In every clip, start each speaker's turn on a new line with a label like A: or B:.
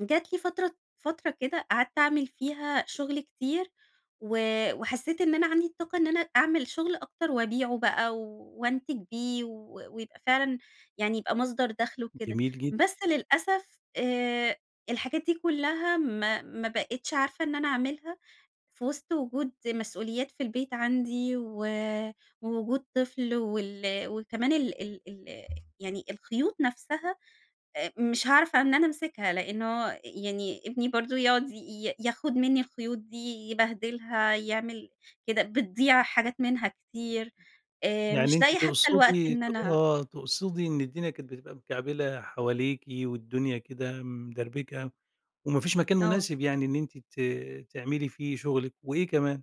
A: جات لي فترة فترة كده قعدت أعمل فيها شغل كتير و وحسّيت إن أنا عندي الطاقة إن أنا أعمل شغل أكتر وأبيعه بقى، وأنتج بيه و ويبقى فعلًا يعني، يبقى مصدر دخل وكده.
B: جميل جد
A: بس للأسف آآ، الحاجات دي كلها ما ما بقيتش عارفة إن أنا أعملها في وسط وجود مسؤوليات في البيت عندي و ووجود طفل وال وكمان ال ال ال يعني الخيوط نفسها آآ، مش هاعرف إن أنا أمسكها لأنه يعني، ابني برضه يقعد ي ياخد منّي الخيوط دي، يبهدلها، يعمل كده، بتضيع حاجات منها كتير آآ،
B: يعني
A: مش
B: أنتِ
A: لاقية حتى الوقت
B: تقصدي ت
A: إن أنا
B: آه، تقصدي إن الدنيا كانت بتبقى مكعبلة حواليكِ والدنيا كده مدربكة، وما فيش مكان
A: آه.
B: مناسب يعني إن أنتِ ت تعملي فيه شغلِك، وإيه كمان؟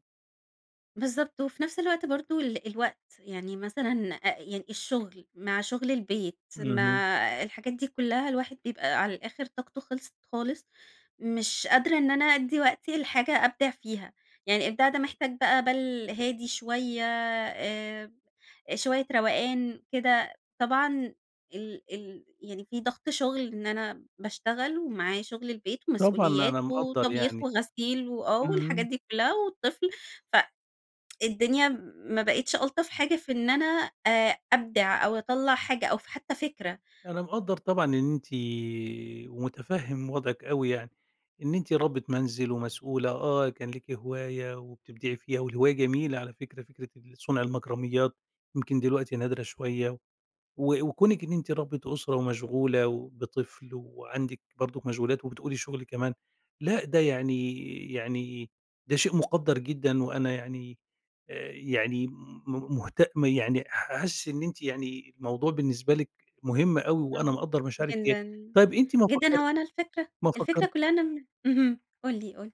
A: بالضبط، وفي نفس الوقت برضه ال الوقت، يعني مثلًا أ يعني الشغل مع شغل البيت،
B: اهم.
A: مع الحاجات دي كلها الواحد بيبقى على الآخر طاقته خلصت خالص. مش قادرة إن أنا أدّي وقتي لحاجة أبدع فيها، يعني إبداع ده محتاج بقى بال هادي شوية آآ، شوية روقان كده. طبعًا ال ال يعني في ضغط شغل إن أنا باشتغل ومعايّا شغل البيت
B: طبعًا،
A: ومسؤوليات
B: أنا مقَدّر
A: وطبيخ
B: يعني،
A: وغسيل و آه، والحاجات
B: امم.
A: دي كلها والطفل. ف الدنيا ما بقِتش ألطف حاجة في إن أنا آآ، أبدع أو أَطلّع حاجة أو حتى فكرة.
B: أنا مقَدّر طبعًا إن أنتِ ومُتفهم وضعِك أوي يعني. إن أنتِ ربّة منزل ومسؤولة آه، كان ليكِ هواية وبتبدعي فيها، والهواية جميلة على فكرة، فكرة ال صنع المكرميات يمكن دلوقتي نادرة شوية، و وكونِك إن أنتِ ربّة أسرة ومشغولة وبطفل وعندِك برضه مشغولات وبتقولي شغل كمان، لأ، ده يعني يعني ده شيء مقدّر جدًا وأنا يعني آآ، يعني م م مهت يعني حاسس إن أنتِ يعني، الموضوع بالنسبة لِك مهم أوي وأنا
A: آه،
B: مقَدّر مشاعرِك ديّة.
A: جدًا،
B: طيب، أنتِ ما
A: جدًا، هو
B: فكّرتي
A: أنا الفكرة
B: ما
A: الفكرة
B: فكرت
A: كُلّها إن أنا م اهم قُل لي، قُل لي.